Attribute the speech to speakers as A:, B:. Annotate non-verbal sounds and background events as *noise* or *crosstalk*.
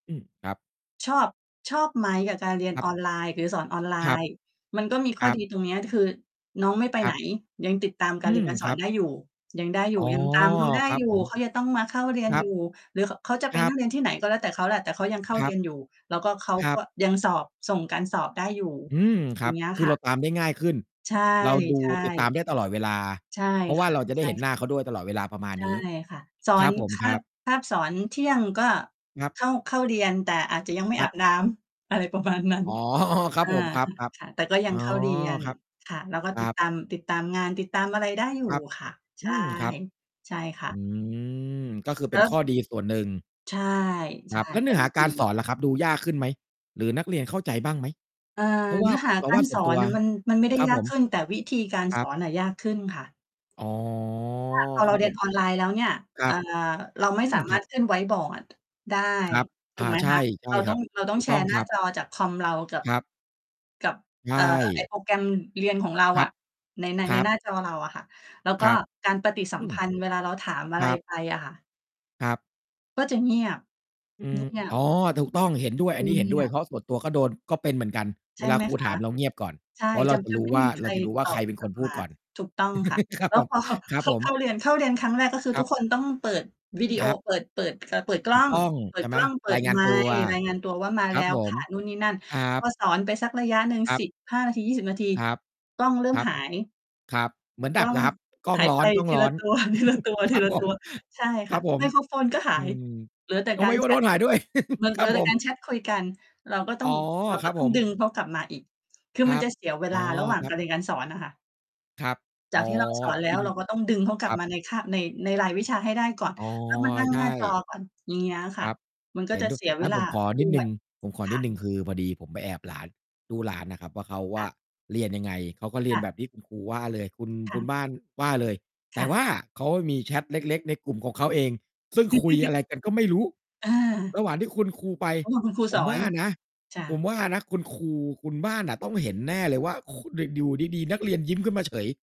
A: อืม ครับ
B: ชอบ ชอบไหมกับการเรียน
A: ครั
B: อ
A: บ
B: อนไลน์? หรือสอนออนไล
A: ครับ
B: น์? มันก็มี
A: ค
B: ข้
A: ร
B: อ
A: ับ
B: ดี ตรงเนี้ย ด คือน้องไม่ไป
A: ค
B: ไ
A: ร
B: ห
A: ั
B: น
A: บ
B: ยังติดตามกา
A: อื
B: รเรียน
A: ม
B: การส
A: ค
B: อ
A: รั
B: น
A: บ
B: ได้อยู่ ยังได้อย
A: อ
B: ู
A: ๋
B: ่
A: อ
B: ยัง ตามเขาได้
A: ครับ
B: อย
A: ผ
B: ู่
A: ม
B: เขายังต้องมาเข้าเรีย
A: ค
B: น
A: รั
B: อย
A: บ
B: ู่ หรือ ข เขาจะไป
A: คร
B: น
A: ั
B: ั
A: บ
B: ่งเรียนที่ไหนก็แล้วแต่เขาแหละแต่เขายังเข้า
A: ค
B: เ
A: ร
B: ร
A: ั
B: ี
A: บ
B: ยน อยู่แล้วก็เขา
A: คร
B: ก
A: ั
B: ็
A: บ
B: ยังสอบ ส่งการสอบได้อยู่
A: อืม ค
B: อย
A: ร
B: ่
A: ั
B: า
A: บ
B: งเงี้ย
A: คื
B: ค
A: อ
B: ่ะ
A: เราตามได้ง่ายขึ้น
B: ใช่
A: เราดู
B: ใช
A: ติดตาม
B: ่
A: ได้ตลอดเวลา
B: ใช่
A: เพราะว
B: ค
A: ่า
B: ่ะ
A: เราจะไ
B: ใ
A: ด
B: ช
A: ้
B: ่
A: เห็นห
B: ค
A: น
B: ่
A: ้
B: ะ
A: าเขาด้วยตลอดเวลา ประมาณ
B: ใช่
A: นี้
B: ค่ะ สอ
A: ครั
B: น
A: บผม
B: ค
A: ค
B: า
A: รั
B: บ
A: บ
B: คาบสอน เที่ยงก็
A: ครับ
B: เข้า เข้าเรียน แต่อาจจะยังไม่
A: คร
B: อา
A: ับ
B: บน้ำ อะไร ประมาณนั้น
A: อ๋อ *chuckles* ครั
B: อ
A: บ
B: า
A: ผม ครับ
B: ค่ะ แต่ก็ย
A: ๆ
B: ั
A: อ๋
B: ง
A: อ
B: เข้าเรียน
A: ครับ
B: ค่ะ เราก็
A: คร
B: ต
A: ั
B: ิด
A: บ
B: ตาม ติดตามงาน ติดตามอะไรได้อยู่
A: ครับ
B: ค่ะ ใ
A: อ
B: ช่
A: ืม ครับ
B: ใช่ค่
A: อื
B: ะ
A: ม ก็คือเ
B: เ
A: ป
B: อ
A: ็น
B: ิ
A: ข้อ
B: ส
A: ดีส่วนหนึ่ง
B: ใช่
A: ค
B: ใช
A: รั
B: ่
A: บ แล้วเน
B: อ
A: ื
B: ั
A: ้อ
B: นน
A: ห
B: ี
A: า
B: ้ด
A: การส
B: ี
A: อนล่ะครับ ดูยากขึ้นไหม? หรือนักเรียนเข้าใจบ้างไหม?
B: เออ
A: เพราะว
B: เน
A: ่า
B: ื้อ หา
A: เร
B: ก
A: า
B: า
A: ว่
B: ร
A: าส
B: ส
A: ่วน
B: อ
A: ตั
B: น
A: ว
B: น่ะมัน มันไม่ได้
A: ครับ
B: ยา
A: ผ
B: ก
A: ม
B: ขึ้น แต่วิธีการ
A: คร
B: ส
A: ับ
B: อนน่ะยากขึ้นค่ะ
A: อ๋อ
B: เพราะถ้า พอ
A: ค
B: เรา
A: รับ
B: เรี
A: ผ
B: ยน
A: ม
B: ออนไลน์แล้วเนี่ย
A: ครั
B: อ่
A: บ
B: า เราไม่
A: อื
B: ส
A: ม
B: า
A: ค
B: มา
A: รั
B: ร
A: บ
B: ถขึ้นไวต์บอร์ด ได้
A: ครับ
B: ถ
A: อ
B: ู
A: ่
B: ก
A: า
B: ไหม
A: ใช
B: ค
A: ่
B: ะ?
A: ใช
B: เ
A: ่
B: รา
A: ค
B: ต้
A: ร
B: อ
A: ั
B: ง
A: บ
B: เราต้
A: ถ
B: อง
A: ูก
B: แช
A: ต้อ
B: ร
A: ง
B: ์ หน้
A: ค
B: า
A: รับ
B: จอจากคอมเรากับ
A: ครับ
B: กับ
A: ใช
B: เอ่อ ไอ้
A: ่
B: โปรแกรมเรียนของเรา
A: คร
B: อ
A: ับ
B: ะ ใน ใน
A: คร
B: ใน
A: ับ
B: หน้าจอเราอะค่ะ แล้วก
A: ค
B: ็
A: รับ
B: การปฏิสั
A: อื
B: มพ
A: อ
B: ันธ์เวลาเราถามอ
A: ค
B: ะไ
A: ร
B: ร
A: ับ
B: ไปอะค่ะ
A: ครับ
B: ก็จะเงียบ
A: อื
B: ง เง
A: ม
B: ีย
A: อ๋
B: บ
A: อ ถูกต้อง เห็นด้วย อั
B: เ
A: นน
B: ง
A: ี้เห็น
B: ี
A: ด้ว
B: ย
A: ย เ
B: บ
A: พราะส่วนตัวก็โดน ก็เป็นเหมือนกัน
B: ใช
A: เว
B: ่
A: ลา
B: ไหม
A: ครู
B: ค
A: ถ
B: ะ?
A: าม เราเงียบก่อน
B: ใช่
A: เพราะเร
B: จ
A: า
B: ะ
A: จะ
B: จะ
A: รู้
B: ไม่
A: ว่า
B: มีใค
A: เร
B: ร
A: าจะรู้ว่
B: ต
A: า เรา
B: อ
A: จะดูว่าใคร
B: บ
A: เป็น
B: ก
A: ค
B: ลั
A: น
B: บ
A: พู
B: ม
A: ด
B: า
A: ก่อน
B: ถูกต้องค่ะ
A: *chuckles* ครับ
B: แล้
A: ผ
B: ว
A: ม
B: พอ เขา
A: ครับผม
B: เข้าเรียน เข้าเรียนครั้งแรก ก็คือ
A: ค
B: ท
A: ร
B: ุ
A: ั
B: ก
A: บ
B: คนต้องเปิดวิดีโ
A: ค
B: อ
A: รับ
B: เปิด เปิด อ่า เปิดก
A: ถ
B: ล้
A: ู
B: อ
A: ก
B: ง
A: ต้อง
B: เปิ
A: ใช
B: ด
A: ่ไ
B: ก
A: หม?
B: ล้อง เปิ
A: รา
B: ด
A: ยงา
B: ไ
A: น
B: ม
A: ตัว
B: ค์ รายงานตัวว่า มา
A: ค
B: แ
A: ร
B: ล
A: ับ
B: ้ว
A: ผ
B: ค
A: ม
B: ่ะ นู่นนี่นั่น
A: ครั
B: พ
A: บ
B: อสอนไปสักระยะหนึ่ง
A: ครั
B: ส
A: บ
B: ิบห้า นาที 20 นาที
A: ครับ
B: กล้องเริ่ม
A: ครับ
B: หาย
A: ครับ เหมือนด
B: ก
A: ั
B: ล้
A: บ
B: อง
A: ครับ กล้อ
B: ห
A: ง
B: าย
A: ร้
B: ไปที
A: อ
B: ละ
A: น
B: ตั
A: ๆ *chuckles* ครับผม
B: ว ๆ ๆ ใช่
A: ค
B: ค
A: ร
B: ่
A: ั
B: ะ
A: บผ
B: ไม
A: ม
B: โครโฟนก็ห
A: อ
B: า
A: ื
B: ย
A: ม
B: เหลือแต่
A: ต้อ
B: ก
A: งไ
B: า
A: ม่
B: ร
A: รู้
B: แ
A: ว
B: ช
A: ่าโด
B: ต
A: นถ่ายด้วย *chuckles*
B: มัน
A: ค
B: เห
A: ร
B: ล
A: ั
B: ื
A: บ
B: อแ
A: ผ
B: ต่การ
A: ม
B: แชตคุยกัน เราก็ต
A: อ
B: ้
A: ๋
B: อ
A: อ
B: ง เรา
A: ค
B: ก
A: รั
B: ็
A: บ
B: ต้
A: ผ
B: องด
A: ม
B: ึงเขากลับมาอีก คือ
A: คร
B: มัน
A: ั
B: จ
A: บ
B: ะเสียเว
A: อ๋
B: ล
A: อ
B: าระหว่าง
A: คร
B: ก
A: ับ
B: ารเรียนการสอนน่ะค่ะ
A: ครับ
B: จ
A: อ
B: า
A: ๋อ
B: ก
A: อ
B: ที่ เรา สอน แล้
A: จร
B: ว
A: ิง
B: เราก็ต้องดึงเขาก
A: ค
B: ลั
A: ร
B: บ
A: ับ
B: มาในคาบ ใน ในรายวิชาให้ได้ก่อน
A: อ๋อ
B: แล้วมานั่ง
A: ใช
B: หน
A: ่
B: ้าจอก่อน อย่างเงี้ยค
A: ค
B: ่ะ
A: รับ
B: มันก็
A: เห็
B: จ
A: น
B: ะ
A: ดุ้
B: เสียเ
A: ง
B: ว
A: ั้น
B: ลา
A: ผมขอ
B: ด้
A: นิดห
B: ว
A: นึ่
B: ย
A: ง ผมขอ
B: ค
A: นิ
B: ่
A: ด
B: ะ
A: หนึ่ง คือพอดีผมไปแอบหลาน ดูหลานน่ะครับว่า เขาว
B: ค่
A: ่า
B: ะ
A: เรียนยังไง เขาก็เร
B: ค
A: ีย
B: ่
A: น
B: ะ
A: แบบที่ คุณ ครูว่าเลย คุณ
B: ค
A: ค
B: ่
A: ุ
B: ะ
A: ณบ้านว่าเลย แ
B: ค
A: ต่
B: ่ะ
A: ว่าเขามีแชตเล็ก ๆ ในกลุ่มของเขาเอง ซึ่งคุยอ
B: *chuckles*
A: ะไรกันก็ไม่รู้
B: อา
A: ระหว่างที่คุณครูไป
B: ระหว่าง คุณครู
A: ผ
B: ส
A: ม
B: อ
A: ว
B: น
A: ่านะ
B: จา
A: ผม
B: ก
A: ว่านะคุณครู คุณบ้านน่ะต้องเห็นแน่เลยว่า ค ด อยู่ดี ๆ นักเรียนยิ้มขึ้นมาเฉย